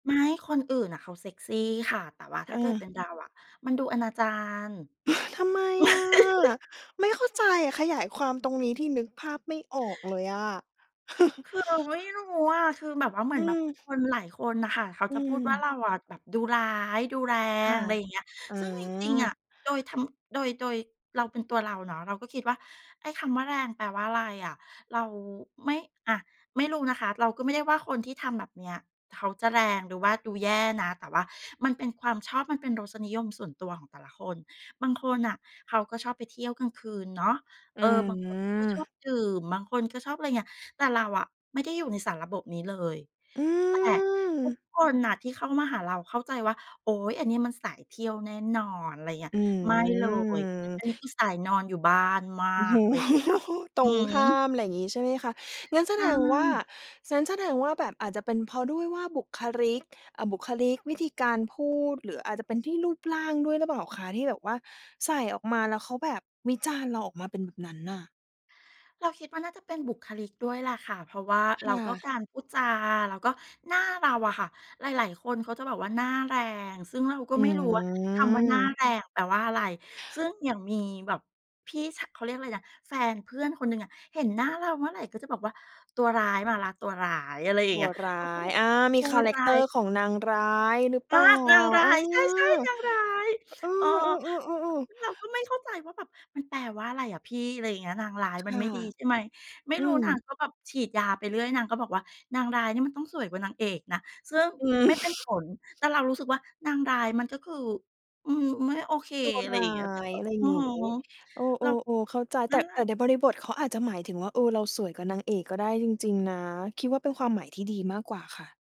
ไม่ คนอื่นน่ะเขาเซกซีค่ะ แต่ว่าถเ้าเกิดเออ ป็นเราอะมันดูอนาจาร ทำไมอะ? ไม่เข้าใจอะ ขยายความตรงนี้ทีนึกภาพไม่ออกเลยอะ คือเราไม่รู้อะ คือแบบว่า เหมอือืนแบบม คนหลายคนน่ะค่ะ เขาอืจะพูดว่า ม เราอะแบบดูร้าย ดูแรคง ่ะ อะไรอย่างเงี้ย อ๋ซึ่งจริง ๆ อะ อ โดยธรรม โดย โดยเราเป็นตัวเราเนาะ เราก็คิดว่าไอ้คำว่าแรงแปลว่าไรอะ เราไม่ อะ ไม่รู้นะคะ เราก็ไม่ได้ว่าคนที่ทำแบบเนี้ยเขาจะแรง หรือว่าดูแย่นะ แต่ว่ามันเป็นความชอบ มันเป็นรสนิยมส่วนตัวของแต่ละคน บางคนน่ะเขาก็ชอบไปเที่ยวกลางคืนเนาะ อเืออ บางคนเขาก็ชอบม ดื่ม บางคนก็ชอบ อะไรเงี้ย แต่เราอะไม่ได้อยู่ในสารระบบนี้เลย อืแต่ทุกม คนน่ะที่เข้ามาหาเราเข้าใจว่า โอ๊ย อันนี้มันสายเที่ยวแน่นอน ไรเงี้ย อืไม่เลย อัม นนี้คือสายนอนอยู่บ้านมาโอ้ก อะไรอย่างเงี้ยค่โฮ ะ ตรหืงข้าอ ม ไรงี้ใช่ไหมคะ? งั้นแสใชดงว่า ่ งั้นแสดงว่าแบบอาจจะเป็นเพราะด้วยว่าบุคลิก อะ บุคลิก วิธีการพูด หรืออาจจะเป็นที่รูปร่างด้วยหรือเปล่าคะ ที่แบบว่าใส่ออกมาแล้วเขาแบบวิจารณ์เราออกมาเป็นแบบนั้นน่ะ? เราคิดว่าน่าจะเป็นบุคลิกด้วยแหละค่ะ เพราะว่า คแล้่วะ ก็การพูดจา แล้วก็หน้าเราอะค่ะ หลาย ๆ คนเขาจะแบบว่าหน้าแรง ซึ่งเราก็อืไม่รู้ว่า คำว่าหน้าม แรงแปลว่าอะไร ซึ่งอย่างมีแบบพี่ ช เขาเรียกอะไรนะ แฟนเพื่อนคนหนึ่งอะ เห็นหน้าเราเมื่อไหร่ ก็จะบอกว่าตัวร้ายมาแล้ว ตัวร้าย อะไรอย่าตงเังี้วย ร้าเราก็แย บบอา มตีัควาแรรก้าเตอย ร์ของนางร้ายหรือเอปา ล่า นางร้เอาอ ย ใช่ ๆ นางร้าย เออ เออ ๆ ๆ ๆ ๆ เราก็ไม่เข้าใจว่าแบบมันแปลว่าอะไรอะพี่ อะไรอย่างเงี้ย นางร้ายคมัน่ะ ไม่ดี ใช่ไหม ไม่อืรู้นางม ก็แบบฉีดยาไปเรื่อย นางก็บอกว่านางร้ายนี่มันต้องสวยกว่านางเอกนะ ซึ่งอไืม่เป็นผม ล แต่เรารู้สึกว่านางร้ายมันก็คือ อืม ไม่โอเค ตัวอะไรรอ้ย่าางเงี้ย แต่ย ก็ อะไรโอ้งโฮ ี้ เอเรา อ ๆ ๆ เข้าใจ นแัต่ ่นแหลแะ ต่ในบริบทเขาอาจจะหมายถึงว่า เออ เราสวยกว่านางเอกก็ได้จริง ๆ นะ คิดว่าเป็นความหมายที่ดีมากกว่าค่ะ